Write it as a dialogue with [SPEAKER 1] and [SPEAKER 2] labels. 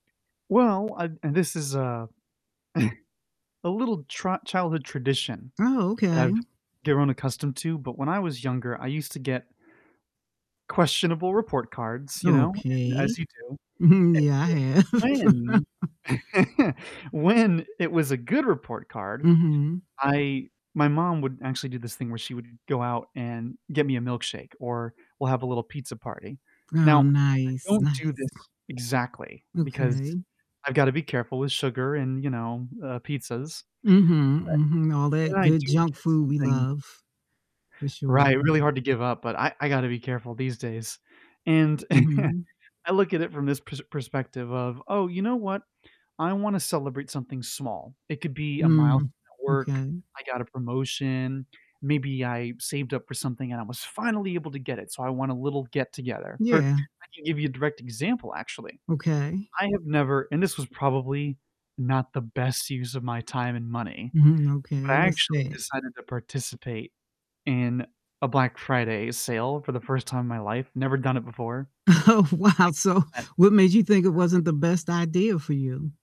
[SPEAKER 1] Well, I and this is a a little tr childhood tradition
[SPEAKER 2] Oh,
[SPEAKER 1] that
[SPEAKER 2] okay.
[SPEAKER 1] I've given accustomed to, but when I was younger, I used to get questionable report cards, you know, and as
[SPEAKER 2] Okay.
[SPEAKER 1] you do
[SPEAKER 2] Mhm.
[SPEAKER 1] and
[SPEAKER 2] Yeah, I
[SPEAKER 1] so,
[SPEAKER 2] have.
[SPEAKER 1] when, when it was a good report card,
[SPEAKER 2] Mhm.
[SPEAKER 1] I my mom would actually do this thing where she would go out and get me a milkshake, or we'll have a little pizza party. Now,
[SPEAKER 2] Oh,
[SPEAKER 1] I
[SPEAKER 2] nice,
[SPEAKER 1] don't do
[SPEAKER 2] nice.
[SPEAKER 1] this exactly because
[SPEAKER 2] Okay.
[SPEAKER 1] I've gotta be careful with sugar and, you know, uh, pizzas.
[SPEAKER 2] Mhm, mhm, all
[SPEAKER 1] But
[SPEAKER 2] that
[SPEAKER 1] when I
[SPEAKER 2] good
[SPEAKER 1] do
[SPEAKER 2] junk
[SPEAKER 1] get
[SPEAKER 2] food we
[SPEAKER 1] something
[SPEAKER 2] love. For
[SPEAKER 1] Right,
[SPEAKER 2] sure.
[SPEAKER 1] really hard to give up, but I I gotta be careful these days, and
[SPEAKER 2] Mhm.
[SPEAKER 1] I look at it from this pers perspective of, "Oh, you know what? I wanna celebrate something small," it could be a
[SPEAKER 2] Mm,
[SPEAKER 1] milestone at work
[SPEAKER 2] okay.
[SPEAKER 1] I got a promotion maybe I saved up for something, and I was finally able to get it, so, I want a little get-together, or
[SPEAKER 2] Yeah.
[SPEAKER 1] I can give you a direct example, actually,
[SPEAKER 2] Okay.
[SPEAKER 1] I have never, and this was probably not the best use of my time and money,
[SPEAKER 2] Mhm,
[SPEAKER 1] but
[SPEAKER 2] okay,
[SPEAKER 1] I
[SPEAKER 2] what's
[SPEAKER 1] actually
[SPEAKER 2] that?
[SPEAKER 1] decided to participate in a Black Friday sale for the 1st time in my life, never done it before, and
[SPEAKER 2] Oh, wow, so,
[SPEAKER 1] I found that
[SPEAKER 2] what made you think it
[SPEAKER 1] Yeah.
[SPEAKER 2] wasn't the best idea for you?